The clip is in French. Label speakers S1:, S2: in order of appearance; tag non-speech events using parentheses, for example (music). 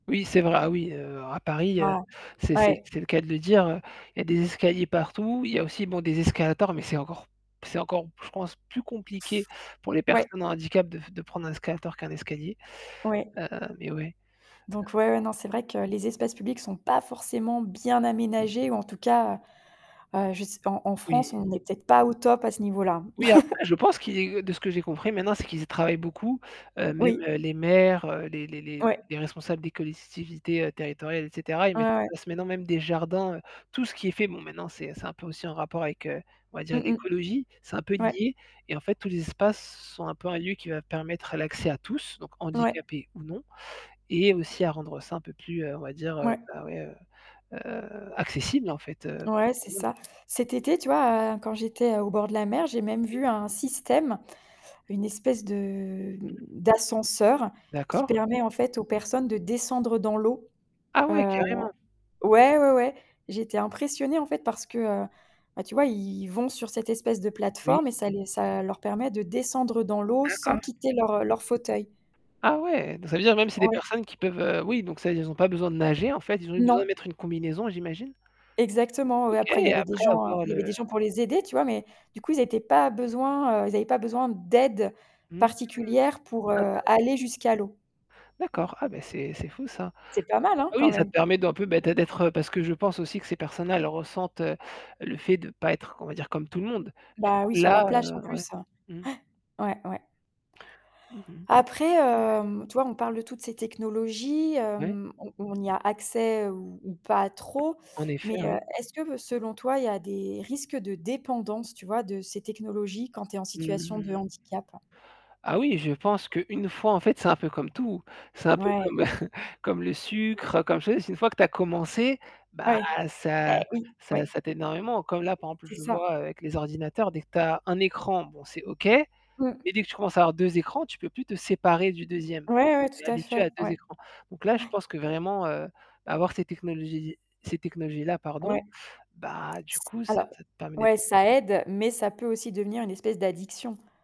S1: Oui, c'est vrai, ah oui heu à Paris, heu,
S2: Voilà.
S1: c'est c'est
S2: Ouais.
S1: c'est le cas de le dire heu, il y a des escaliers partout, il y a aussi bon, des escalators, mais c'est encore c'est encore, je pense, plus compliqué pour les
S2: Ouais.
S1: personnes en handicap de f de prendre un escalator qu'un escalier,
S2: Ouais.
S1: heu, mais ouais.
S2: Donc ouais, ouais, non c'est vrai que les espaces publics sont pas forcément bien aménagés ou en tout cas, heu je sai en en France,
S1: Oui
S2: on n'est peut-être pas au top à ce niveau-là.
S1: oui, après,
S2: (laughs)
S1: je pense qu'il de ce que j'ai compris, maintenant, c'est qu'ils y travaillent beaucoup, heu, même
S2: Oui.
S1: les maires, les les les
S2: Ouais.
S1: les responsables des collectivités territoriales et cetera, ils
S2: Ouais
S1: mettent en
S2: ouais.
S1: place maintenant même des jardins heu, tout ce qui est fait, bon maintenant, c'est c'est un peu aussi en rapport avec heu, on va dire
S2: Mmh mh.
S1: l'écologie, c'est un peu
S2: Ouais.
S1: lié, et en fait tous les espaces s sont un peu un lieu qui va permettre l'accès à tous, donc
S2: Ouais.
S1: handicapés ou non et aussi à rendre ça un peu plus, on va dire, heu,
S2: Mouais.
S1: bah ouais, heu heu accessible en fait heu
S2: Ouais, c'est ça.
S1: (unintelligible)
S2: Cet été, tu vois, heu, quand j'étais heu au bord de la mer, j'ai même
S1: Oui.
S2: vu un système, une espèce de
S1: Mmh.
S2: d'ascenseur qui
S1: D'accord.
S2: permet en fait aux personnes de descendre dans l'eau.
S1: Ah ouais
S2: Heu.
S1: carrément!
S2: Ouais, ouais ouais. J'étais impressionnée en fait parce que, heu, bah tu vois, ils vont sur cette espèce de
S1: Oui.
S2: plateforme et ça les ça leur permet de descendre dans l'eau sans
S1: D'accord.
S2: quitter leur, heu, leur fauteuil.
S1: Ah ouais! Donc ça veut dire même c'est des
S2: Ouais.
S1: personnes qui peuvent heu, oui, donc ça, ils ont pas besoin de nager en fait, ils ont juste besoin de
S2: Non!
S1: mettre une combinaison, j'imagine.
S2: Exactement ouais.
S1: OK,
S2: Après il y
S1: et
S2: avait des
S1: après
S2: gens
S1: avoir
S2: il y avait
S1: le
S2: des gens pour les aider tu vois, mais du coup ils étaient pas besoin, heu ils avaient pas besoin d'aide
S1: mmh.
S2: particulière pour heu
S1: Intéressant.
S2: aller jusqu'à l'eau.
S1: D'accord, ah bah, c'est c'est fou ça.
S2: C'est pas mal hein?
S1: Ah
S2: Quand
S1: oui, ça te
S2: même.
S1: permet d'un peu bah d'ê d'être parce que je pense aussi que ces personnes-là, elles ressentent, heu, le fait de pas être, on va dire comme tout le monde. Du coup
S2: Bah oui, sur la
S1: là
S2: plage en
S1: heu, ouais.
S2: plus. (gasps)
S1: Mmh.
S2: Ouais. Ouais ouais.
S1: Mmh mh. Ouais.
S2: Après hem, tu vois, on parle de toutes ces technologies
S1: Ouais.
S2: hem, on on y a accès ou ou pas trop,
S1: En
S2: mais
S1: effet,
S2: heu,
S1: oui.
S2: est-ce que selon toi, il y a des risques de dépendance, tu vois, de ces technologies quand tu es en situation de
S1: Mmh.
S2: handicap?
S1: Ah oui, je pense qu'une fois en fait, c'est un peu comme tout, c'est un peu
S2: Ouais.
S1: comme (laughs) comme le sucre, comme je te dis c'est une fois que tu as commencé, bah
S2: Ouais.
S1: ça
S2: Bah oui,
S1: ça
S2: ouais.
S1: ça t'aide énormément. Comme là par exemple,
S2: C'est
S1: je le
S2: ça.
S1: vois avec les ordinateurs dès que tu as un écran, bon, c'est OK, mais
S2: Mmh.
S1: dès que tu commences à avoir 2 écrans, tu peux plus te séparer du 2e.
S2: Ouais ouais,
S1: Tu es
S2: tout à
S1: habitué
S2: fait,
S1: à 2
S2: ouais. (gasps)
S1: écrans. Donc là, je
S2: Ouais.
S1: pense que vraiment heu, avoir ces technologies ces technologies-là, pardon,
S2: Ouais.
S1: bah du coup, ça
S2: Alors,
S1: te permet d'être
S2: ouais ça aide, mais ça peut aussi devenir une espèce d'addiction.